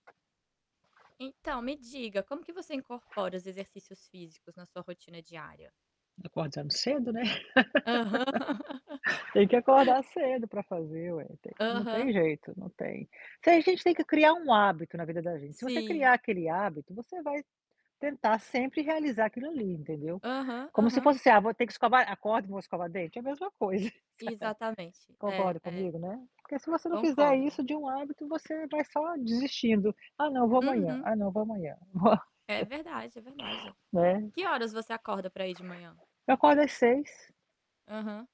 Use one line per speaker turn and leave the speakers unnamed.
Então, me diga, como que você incorpora os exercícios físicos na sua rotina diária?
Acordo sempre cedo, né.
Aham.
Tem que acordar cedo pra fazer ué, tem que não tem
Aham.
jeito, não tem tem a gente tem que criar um hábito na vida da gente, se você
Sim.
criar aquele hábito você vai, tentar sempre realizar aquilo ali, entendeu,
Aham,
como se
aham.
fosse: "Ah vou ter que escovar acordo e vou escovar dente.", é a mesma coisa.
E exatamente, é,
Concorda
é,
comigo, né, porque se você não fizer
concordo.
isso de um hábito você vai só desistindo "Ah não, vou amanhã,
Uhum.
ah não vou amanhã, vou"
É
Nossa
verdade, é verdade.
né?
Que horas você acorda pra ir de manhã?
Eu acordo às 6:00.
Aham.